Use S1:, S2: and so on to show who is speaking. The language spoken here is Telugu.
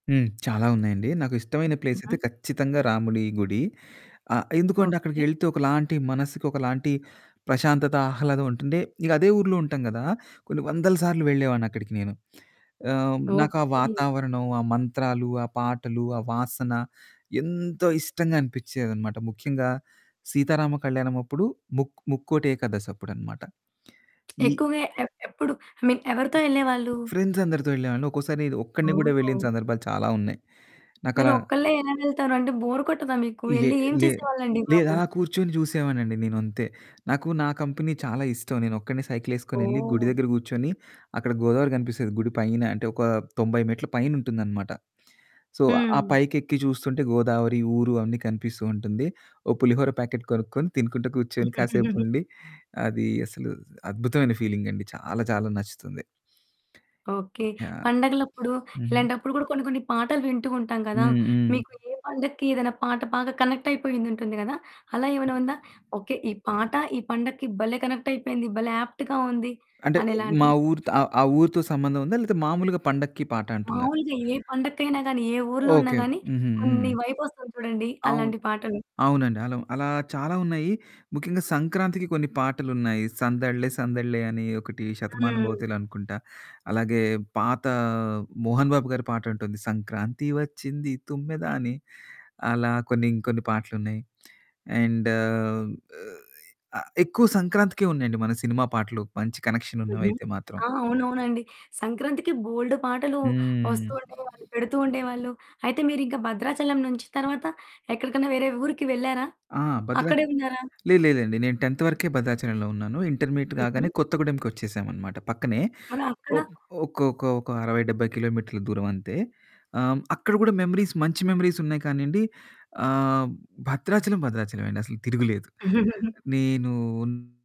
S1: హ్మ్. చాలా ఉన్నాయండి. నాకు ఇష్టమైన ప్లేస్
S2: హుహు.
S1: అయితే ఖచ్చితంగా రాముడి గుడి. ఆహ్, ఎందుకో అండి
S2: ఓకే.
S1: అక్కడికెళ్తే ఒకలాంటి మనసుకి ఒకలాంటి ప్రశాంతత, ఆహ్లాదం ఉంటుంది. ఇకదే ఊర్లో ఉంటాం గదా! కొన్ని వందల సార్లు వెళ్ళేవాడిని అక్కడికి నేను. ఆహ్, నాకా
S2: ఓకే.
S1: వాతావరణం, ఆ మంత్రాలు, ఆ పాటలు, ఆ వాసన ఎంతో ఇష్టంగా అనిపించేదనమాట. ముఖ్యంగా సీతారామ కళ్యాణం అప్పుడు ముక్ ముక్కోటి ఏకాదశప్పుడనమాట. ఇ
S2: ఎక్కువగా ఎ ఎప్పుడు ఐ మీన్ ఎవరితో ఎళ్ళేవాళ్ళు?
S1: ఫ్రెండ్స్ అందరితో వెళ్ళేవాన్ని. ఒక్కోసారి ఒక్కడిని గూడా వెళ్ళిన
S2: ఓహ్!
S1: సందర్భాలు చాలా ఉన్నాయి.
S2: మీరు
S1: నాకలా
S2: ఒక్కళ్ళే ఎలా వెళ్తారు? అంటే బోరు కొట్టదా మీకు?
S1: లే
S2: ఎళ్లి ఏం
S1: లే
S2: చేసేవాళ్ళండి బాబు?
S1: లేదలా కూర్చొని చూసేవాడ్నండి నేనంతే. నాకు నా కంపెనీ చాలా ఇష్టం. నేనొక్కడనే సైకిలేసుకొనెళ్ళి గుడి
S2: ఓహ్!
S1: దగ్గర కూర్చొని అక్కడ గోదావరి కనిపిస్తేది గుడి పైన, అంటే ఒక 90 మెట్ల పైనుంటుందనమాట. సో, ఆ
S2: హ్మ్.
S1: పైకెక్కి చూస్తుంటే గోదావరి, ఊరు అవన్నీ కనిపిస్తూ ఉంటుంది. ఓ పులిహోర ప్యాకెట్టు కొనుక్కొని, తినుకుంటా కూర్చొని, కాసేపుండి అది అసలు అద్భుతమైన ఫీలింగండి. చాలా చాలా నచ్చుతుంది.
S2: ఓకే.
S1: ఆ!
S2: పండుగలప్పుడు,
S1: హుహు.
S2: ఇలాంటప్పుడు కూడా కొన్ని కొన్ని పాటలు వింటూ ఉంటాం గదా!
S1: హ్మ్. హ్మ్.
S2: మీకు ఏ పడక్కి ఏదైనా పాట బాగా కనెక్ట్ అయిపోయుంటుంది గదా! అలా ఏమైనా ఉందా? ఓకే. ఈ పాట, ఈ పండగకి భలే! కనెక్ట్ అయిపోయింది. భలే! యాప్ట్‌గా ఉంది
S1: అంటే మా
S2: అనేలాంటియి.
S1: ఊరితో ఆహ్, ఆ ఊరితో సంబంధం ఉందా? లేకపోతే మామూలుగా పండక్కి పాటంటున్నారు.
S2: మామూలుగా ఏ పండక్కైనా గాని, ఏ ఊర్లో ఉన్నా
S1: ఓకే. ఓకే.
S2: గాని,
S1: హుహు. హ్మ్.
S2: కొన్ని వైబ్ వస్తుంది చూడండి?
S1: అవును.
S2: అలాంటి పాటలు.
S1: అవునండి. అలా అలా చాలా ఉన్నాయి. ముఖ్యంగా సంక్రాంతికి కొన్ని పాటలున్నాయి. 'సందళ్ళే సందళ్ళే' అని ఒకటి
S2: హ్మ్.
S1: 'శతమానభవతిలో' అనుకుంటా. అలాగే పాత 'మోహన్ బాబు గారి' పాటుంటుంది. 'సంక్రాంతి వచ్చింది తుమ్మెద' అని అలా కొన్ని ఇంకొన్ని పాటలున్నాయి. అండు ఆహ్, ఆ! ఎక్కువ సంక్రాంతికే ఉన్నాయండి మన సినిమా పాటలు, మంచి కనెక్షన్
S2: హుహు.
S1: ఉన్నవైతే మాత్రం.
S2: ఆ! అవునవునండి. సంక్రాంతికి బోల్డు పాటలు
S1: హ్మ్.
S2: వస్తూ ఉండేవాళ్ళు, పెడుతూ ఉండేవాళ్ళు. అయితే మీరింకా భద్రాచలం నుంచి తర్వాత ఎక్కడికన్నా వేరే ఊరికి వెళ్లారా?
S1: ఆ! బద్ర
S2: అక్కడే ఉన్నారా?
S1: లేదు లేదండి. నేను 10థ్ వరకే భద్రాచలంలో ఉన్నాను. ఇంటర్మీడియట్ కాగానే
S2: హుహు.
S1: కొత్త గూడెంకొచ్చేసామనమాట. పక్కనే
S2: మరక్కడ
S1: ఒక్ ఒక్ ఒక 60, 70 కిలోమీటర్ల దూరమంతే. ఆహ్, అక్కడ కూడా మెమరీస్ మంచి మెమరీస్ ఉన్నాయి కానీయండి ఆహ్, భద్రాచలం, భద్రాచలమే అండి అసలు తిరుగలేదు. నేను ఉన్